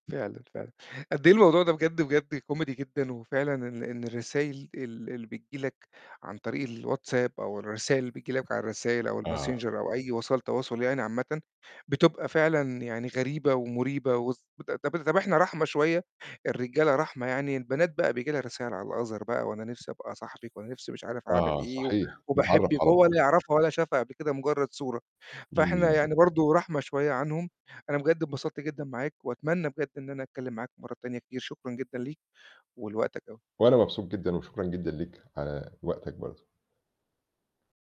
فعلًا، فعلًا، قد إيه الموضوع ده بجد، بجد كوميدي جدًا وفعلًا إن إن الرسايل ال اللي بتيجي لك عن طريق الواتساب أو الرسايل اللي بتيجي لك على الرسايل أو الmessenger آه. أو أي وسائل تواصل يعني عامةً، بتبقى فعلًا يعني غريبة ومريبة، وس طب طَب إحنا رحمة شوية، الرجالة رحمة يعني البنات بقى بييجي لها رسايل على الother بقى، "وأنا نِفْسي أبقى صاحبِك، وأنا نِفْسي مش عارف أعمل آه إيه، صحيح، نتعرّف وباحبك."، على وهو بعض. لا يعرفها ولا شافها قبل كده مجرّد صورة، فإحنا إمم. يعني برضه رحمة شوية عنهم أنا بجد انبسطت جدًا معاك وأتمنى بجد إن أنا أتكلم معاك مَرّة تانية كتير، شكرًا جدًا ليك ولوقتك أوي. وأنا مبسوط جدًا وشكرُا جدًا ليك على وقتك برضه.